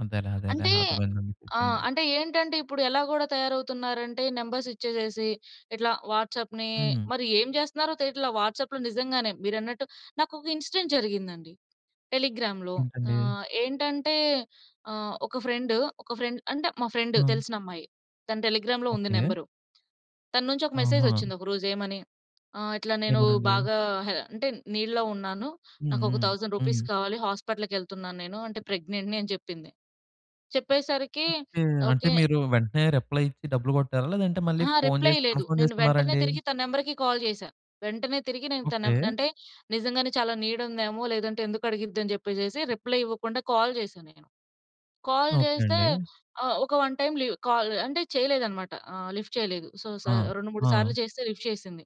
అదేలే అదేలే. అంటే అర్ధమైంది ను నాకు ఆ! చెప్పింది. అంటే ఏంటంటే ఇప్పుడు ఎలా గూడా తయారవుతున్నారంటే నంబర్స్ ఇచ్చేసేసి ఇట్లా వాట్సాప్‌ని హుహు. మరి ఏం చేస్తన్నారో తెలియట్లా వాట్సాప్‌లో నిజంగానే మీరన్నట్టు. నాకొక ఇన్సిడెంట్ జరిగిందండి టెలిగ్రామ్‌లో. ఏంటండి? ఆహ్, ఏంటంటే, ఆహ్, ఒక ఫ్రెండ్ ఒక ఫ్రెండ్ అంటే, మా ఫ్రెండ్ ఆ! తెలిసినమ్మాయి. తను టెలిగ్రామ్‌లో ఉంది ఓకె. నంబరు. తన్నుంచి ఒక మెసేజ్ ఆహా! వచ్చింది ఒక రోజు ఏమని, ఆహ్, ఇట్లా నేను ఏమనండి? బాగా హె అంటే నీడ్‌లో ఉన్నాను. హుహు. నాకొక థౌసండ్ హ్మ్. రూపీస్ కావాలి. హాస్పటల్‌కెళ్తున్నాను నేను అంటే ప్రెగ్నెంట్‌ని అని చెప్పింది. చెప్పేసరికి ఓకె. అంటే ఓకె మీరు వెంటనే రిప్లై ఇచ్చి డబ్బులు కొట్టారా? లేదంటే మళ్ళీ అహా! ఫోను రిప్లై చేసి లేదు. కన్ఫర్మ్ నేను వెంటనే చేసుకున్నారాండి? తిరిగి తన నంబర్‌కి కాల్ చేశా. వెంటనే తిరిగి నేను తనం ఓకె. నంటే నిజంగానే చాలా నీడ్ ఉందేమో! లేదంటే ఎందుకడిగిద్దని చెప్పేసేసి రిప్లై ఇవ్వకుండా కాల్ చేశా నేను. కాల్ ఓకె చేస్తే అండి. ఆహ్, ఒక వన్ టైం లివ్ కాల్ అంటే చేయలేదన్నమాట. ఆహ్, లిఫ్ట్ చేయలేదు. సో, స ఆ! రెండు మూడు ఆ! సార్లు చేస్తే లిఫ్ట్ చేసింది.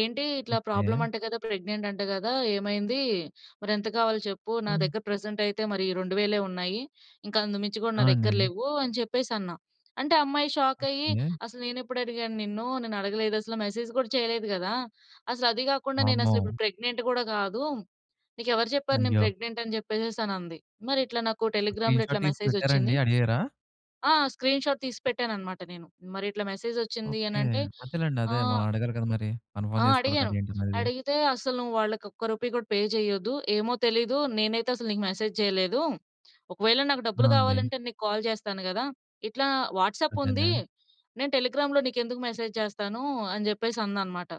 ఏంటి ఇట్లా ఓకె. ప్రాబ్లమ్ అంట కదా! ప్రెగ్నెంట్ అంట కదా! ఏమైంది? మరెంత కావాలో చెప్పు? నా హ్మ్. దగ్గర ప్రెజెంట్ అయితే మరి 2000 ఉన్నాయి. ఇంకా అంతకుమించి కూడా ఆ! నా దగ్గర అండి. లెవ్వు అని చెప్పేసన్నా. అంటే ఆ అమ్మాయి షాకయ్యి ఓకె. "అసలు నే‌న్నేప్పుడు అడిగాను నిన్ను? నేనడగలేదసలా. మెసేజ్ కూడా చేయలేదు కదా! అసలు అది కాకుండా వామ్మో! నేనసలు ఇప్పుడు ప్రెగ్నెంట్ కూడా కాదు. నీకెవరు చెప్పారు నేను అయ్యో! ప్రెగ్నెంట్ అని" చెప్పేసేసనంది. మరి ఇట్లా నాకు ఆ టెలిగ్రామ్‌లో ఇట్లా స్క్రీన్‌షాట్ తీసి మెసేజ్ పెట్టారాండి? వచ్చింది. అడిగారా? ఆ! స్క్రీన్‌షాట్ తీసి పెట్టానన్నమాట నేను. మరిట్ల మెసేజ్ వచ్చింది ఓకె. అనంటే, అదేలెండి. అదే. ఆహ్ మనం అడగాలి కదా మరి. ఆ! కన్ఫర్మ్ చేసుకోవాలి అడిగాను. కదా ఏంటనేది? అడిగితే అస్సలు నువాళ్ళకొక్క రూపీ గూడా పే చేయొద్దు. ఏమో తెలీదు, నేనైతే అసలు నీకు మెసేజ్ చేయలేదు. ఒకవేళ నాకు డబ్బులు ఆ! అండి. కావాలంటే నీకు కాల్ జేస్తాను గదా! ఇట్లా వాట్సాప్ ఉంది అదేలే. నేను టెలిగ్రామ్‌లో నీకెందుకు మెసేజ్ చేస్తాను? అని చెప్పేసందనమాట.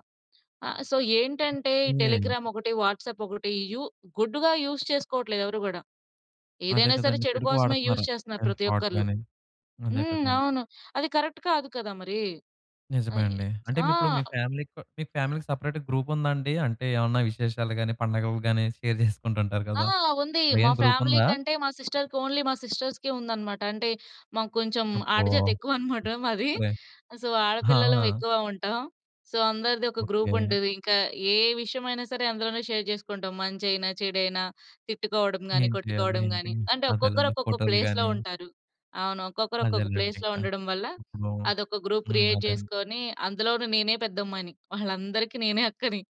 ఆహ్, సో ఏంటంటే ఈ ఏం చేయాలి? టెలిగ్రామ్ ఒకటి, వాట్సాప్ ఒకటి, యూ గుడ్‌గా యూజ్ చేసుకోవట్లేదు ఎవరు కూడా. అదే ఏదైనా సరే కదండీ! చెడు చెడుకు కోసమే యూజ్ వాడతన్నారు. చేస్తన్నారు ప్రతి ఫ్రాడ్ ఒక్కల్లు. గాని, అదే హ్మ్, కదండీ! అవును. అది కరెక్ట్ కాదు కదా మరి. నిజమే అయి అండి. అంటే ఆ! మీరిప్పుడు మీ ఫ్యామిలీకో మీ ఫ్యామిలీ‌కి సెపరేట్‌గా గ్రూప్ ఉందాండి? అంటే ఏమన్నా విశేషాలు గాని, పండగలు గాని షేర్ చేసుకుంటూ ఉంటారు ఆ! గదా! ఉంది. మా మెయిన్ గ్రూప్ ఫ్యామిలీ ఉందా? కంటే, మా సిస్టర్‌కి ఓన్లీ మా సిస్టర్స్‌కే ఉందనమాట. అంటే మాకు కొంచెం అబ్బో! ఆడజాతెక్కువనమాట మాది. సరే. సో ఆ! ఆడపిల్లలం ఎక్కువ ఉంటాం. సో అందరిది ఒక గ్రూప్ ఓకె. ఉంటది. ఇంకా ఏ విషయమైనా సరే అందులోనే షేర్ చేసుకుంటాం. మంచైనా, చెడైనా, తిట్టుకోవడం గానీ, ఏం చేయాలి? కొట్టుకోవడం ఏంటి? గానీ, అంటే ఒక్కొక్కరు అదేలేండి ఒక్కొక్క ఫొటోలు ప్లేస్‌లో గాని. ఉంటారు. అవును. ఒక్కొక్కరు ఒక్కొక్క ప్లేస్‌లో అదేలేండింకా. ఉండడం వల్ల ఇప్పుడు అదొక గ్రూప్ హ్మ్, క్రియేట్ అదన్ జేసుకొని అందులోను నేనే పెద్దమ్మాయిని. వాళ్ళందరికీ నేనే అక్కని.